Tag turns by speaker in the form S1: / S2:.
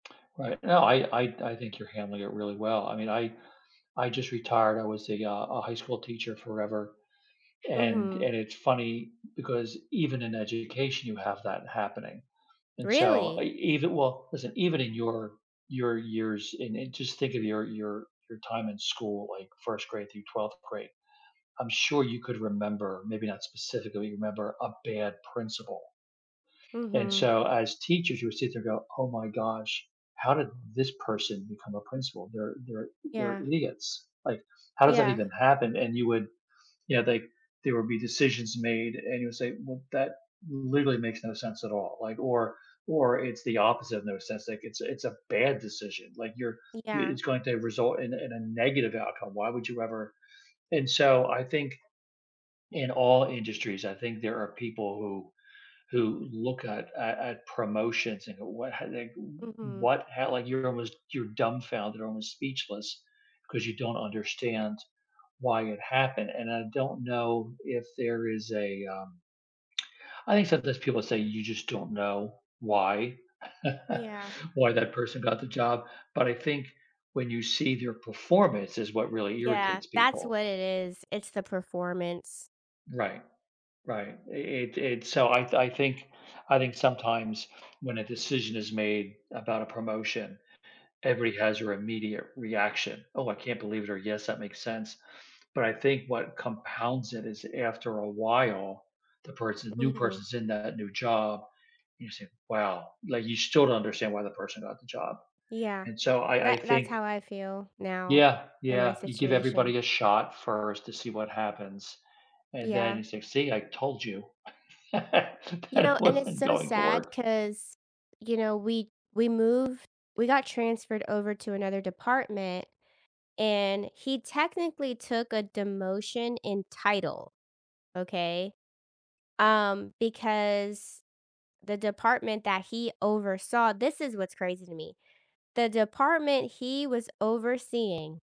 S1: Right, no, I I I think you're handling it really well. I mean, I I just retired, I was a, uh a high school teacher forever and,
S2: Mhm.
S1: and it's funny because even in education you have that happening and so e
S2: Really.
S1: even well, listen, even in your your years and and just think of your your your time in school, like 1st grade through 12th grade, I'm sure you could remember, maybe not specifically remember, a bad principal. And
S2: Mhm.
S1: so as teachers you would sit there and go, "Oh my gosh, how did this person become a principal? They're they're they're
S2: Yeah.
S1: idiots. Like, how does that
S2: Yeah.
S1: even happen?" And you would you know, like, there would be decisions made and you would say, "Well that literally makes no sense at all," like, or or it's the opposite in the sense, like, it's it's a bad decision. Like, you're i
S2: Yeah.
S1: it's going to result in in a negative outcome. Why would you ever and so I think in all industries, I think there are people who who look at at at promotions and what h like, w
S2: Mhm.
S1: what ho like, you're almost you're dumbfounded, almost speechless 'cause you don't understand why it happened and I don't know if there is a, um I think sometimes people say you just don't know why
S2: Yeah.
S1: why that person got the job, but I think when you see their performance is what really
S2: Yeah,
S1: irritates
S2: that's
S1: people.
S2: what it is, it's the performance.
S1: Right, right, i it it's so I th I think I think sometimes when a decision is made about a promotion, everybody has their immediate reaction. "Oh, I can't believe it," or, "Yes, that makes sense," but I think what compounds it is after a while, the person the new
S2: Mhm.
S1: person's in that new job, and you say, "Wow," like, you still don't understand why the person got the job.
S2: Yeah,
S1: And so I I
S2: that that's
S1: think
S2: how I feel now
S1: Yeah,
S2: in my
S1: yeah, you give
S2: situation.
S1: everybody a shot first to see what happens, and then
S2: Yeah.
S1: you say, "See, I told you
S2: You
S1: that
S2: know,
S1: it
S2: and it's
S1: wasn't
S2: so
S1: going to
S2: sad
S1: work."
S2: 'cause, you know, we we moved we got transferred over to another department, and he technically took a demotion in title, okay? Um, because the department that he oversaw this is what's crazy to me, the department he was overseeing